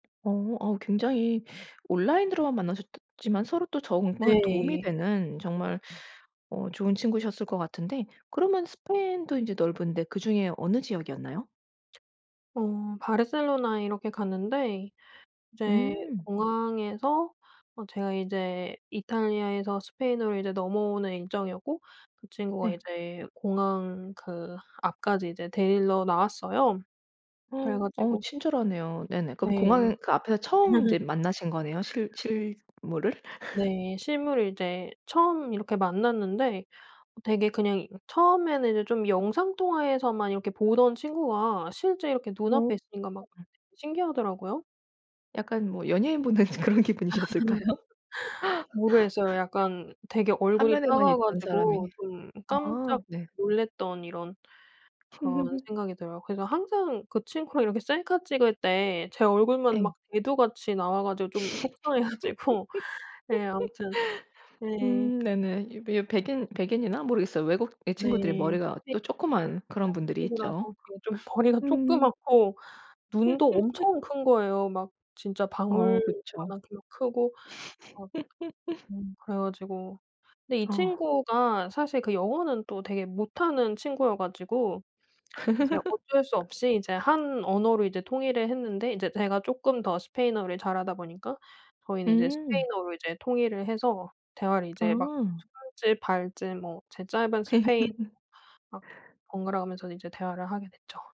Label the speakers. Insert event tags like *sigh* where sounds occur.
Speaker 1: 어 아 굉장히 온라인으로만 만나셨더 지만 서로 또 정말 도움이
Speaker 2: 네.
Speaker 1: 되는 정말 어 좋은 친구셨을 것 같은데 그러면 스페인도 인제 넓은데 그중에 어느 지역이었나요?
Speaker 2: 어 바르셀로나에 이렇게 갔는데 이제
Speaker 1: 음.
Speaker 2: 공항에서 어 제가 이제 이탈리아에서 스페인으로 이제 넘어오는 일정이었고 그 친구가
Speaker 1: 네.
Speaker 2: 이제 공항 그 앞까지 이제 데리러 나왔어요. 그래
Speaker 1: *gasps* 어
Speaker 2: 가지고
Speaker 1: 친절하네요. 네네. 그럼
Speaker 2: 네.
Speaker 1: 공항 그 앞에서 처음 인제
Speaker 2: *laughs*
Speaker 1: 만나신 거네요, 실 실물을?
Speaker 2: 네.
Speaker 1: *laughs*
Speaker 2: 실물을 이제 처음 이렇게 만났는데 되게 그냥 이 처음에는 이제 좀 영상 통화에서만 이렇게 보던 친구가 실제 이렇게
Speaker 1: 오.
Speaker 2: 눈앞에 있으니까 막 신기하더라고요.
Speaker 1: 약간 뭐 연예인 보는 그런 기분이셨을까요?
Speaker 2: *laughs*
Speaker 1: *laughs*
Speaker 2: 모르겠어요. 약간 되게 얼굴이
Speaker 1: 화면에만
Speaker 2: 작아
Speaker 1: 있던
Speaker 2: 가지고
Speaker 1: 사람이.
Speaker 2: 좀
Speaker 1: 아
Speaker 2: 깜짝
Speaker 1: 네.
Speaker 2: 놀랐던 이런 그런
Speaker 1: *laughs*
Speaker 2: 생각이 들어요. 그래서 항상 그 친구랑 이렇게 셀카 찍을 때 제 얼굴만
Speaker 1: 네.
Speaker 2: 막 대두같이 나와가지고 좀 속상해
Speaker 1: *laughs*
Speaker 2: 가지고 네 아무튼 네.
Speaker 1: 음 네네. 이 배 백인, 백인이나? 모르겠어요. 외국의
Speaker 2: 네.
Speaker 1: 친구들이
Speaker 2: 스페인
Speaker 1: 머리가 또 쪼끄만 그런
Speaker 2: *unintelligible*
Speaker 1: 분들이
Speaker 2: 친구라서
Speaker 1: 있죠.
Speaker 2: 예 좀 머리가
Speaker 1: 음.
Speaker 2: 쪼끄맣고 눈도
Speaker 1: *laughs*
Speaker 2: 엄청 큰 거예요. 막 진짜
Speaker 1: 어
Speaker 2: 방울만
Speaker 1: 그쵸.
Speaker 2: 하게 막 크고 막
Speaker 1: *laughs*
Speaker 2: 음 그래 가지고 근데 이
Speaker 1: 어.
Speaker 2: 친구가 사실 그 영어는 또 되게 못하는 친구여 가지고 이제 어쩔 수
Speaker 1: *laughs*
Speaker 2: 없이 이제 한 언어로 이제 통일을 했는데 인제 제가 쪼끔 더 스페인어를 잘하다 보니까 저희는 이제
Speaker 1: 음.
Speaker 2: 스페인어로 이제 통일을 해서 대화를 이제 막
Speaker 1: 아.
Speaker 2: 손짓 발짓 뭐 제 짧은 스페인어
Speaker 1: *laughs*
Speaker 2: 막 번갈아가면서 이제 대화를 하게 됐죠.